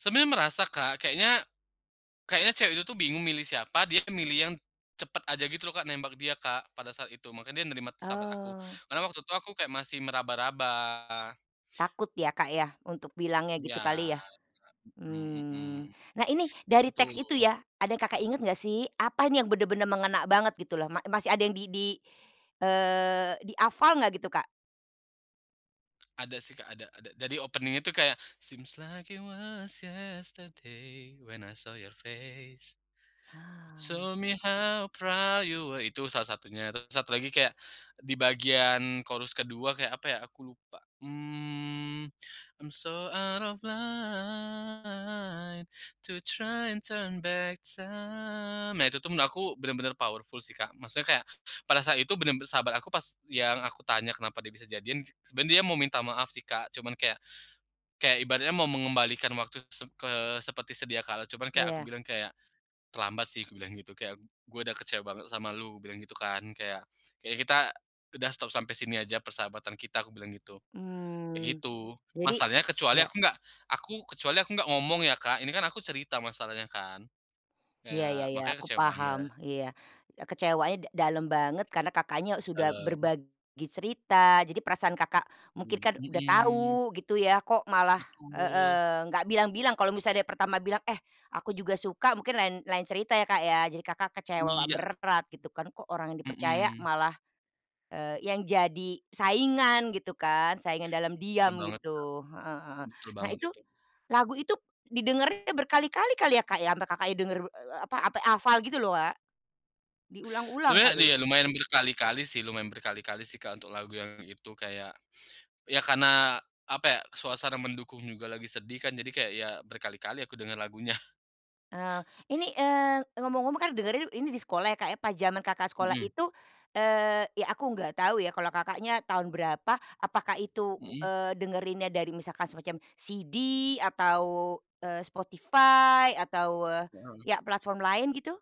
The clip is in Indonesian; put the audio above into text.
Sebenarnya merasa Kak kayaknya, kayaknya cewek itu tuh bingung milih siapa, dia milih yang cepat aja gitu loh Kak, nembak dia Kak pada saat itu, makanya nerima sahabat aku Oh. karena waktu itu aku kayak masih meraba-raba. Takut ya Kak ya untuk bilangnya Iya gitu kali ya? Kak, mhm mhm, Mmm, nah ini itu dari tuh. teks itu ya, ada yang Kakak inget gak sih? Apa ini yang bener-bener mengena banget gitu loh, ma masih ada yang di di eee, dihafal gak gitu, Kak? Ada sih Kak, ada ada, jadi opening itu kayak, seem's like you was yesterday, when i saw your face, it Hah. so me how proud you wah itu salah satunya, terus satu lagi kayak di bagian chorus ke-2 kayak apa ya aku lupa. Mmm. I'm so out of light to try turn back to nah itu aku bener-bener powerful sih Kak, maksudnya kayak pada saat itu bener-bener sahabat aku pas yang aku tanya kenapa dia bisa jadian, sebenarnya dia mau minta maaf sih Kak, cuman kayak, kayak ibaratnya mau mengembalikan waktu se ke seperti sedia kala cuman kayak aku Ya. bilang kayak "Terlambat sih," aku bilang gitu, kayak, "gue udah kecewa banget sama lu," bilang gitu kan kayak, "kayaknya kita udah stop sampai sini aja persahabatan kita," aku bilang gitu, kayak Hmm, gitu. jadi Masalahnya kecuali ya. aku nggak aku kecuali aku enggak ngomong ya Kak, ini kan aku cerita masalahnya kan, Iya kayak iya iya makanya aku kecewa paham, banget. iya, eee, kecewanya da dalam banget karena Kakaknya sudah Dalem. berbagi cerita, jadi perasaan Kakak mungkin Setuju, kan udah mhm. tau gitu ya, kok malah Betul. heeh nggak bilang-bilang kalau misalnya dari pertama bilang, eh aku juga suka mungkin lain lain cerita ya Kak ya, jadi Kakak kecewa Iya. berat gitu kan, kok orang yang dipercaya Mhm. malah, eee, yang jadi saingan gitu kan, saingan dalam Betul diam banget, Kak. gitu, heeh heeh. Betul Nah banget itu, itu. lagu itu didengerin berkali-kali kali ya Kak ya, sampai Kakaknya denger, eee, apa ampe hafal gitu loh, Kak? Diulang-ulang Sebenernya nih ya, kali. lumayan berkali-kali sih lumayan berkali-kali sih Kak, untuk lagu yang itu, kayak ya karena apa ya, suasana mendukung juga lagi sedih kan jadi kayak ya berkali-kali aku dengar lagunya. Eh ini, eee, ngomong-ngomong kan dengerin ini di sekolah ya, Kak, ya, pas zaman Kakak sekolah Mhm. itu, eee, ya aku nggak tahu ya kalau Kakaknya tahun berapa, apakah itu, Mhm. eee, dengerinnya dari misalkan semacam CD atau, eee, Spotify atau Mhm. ya platform lain gitu?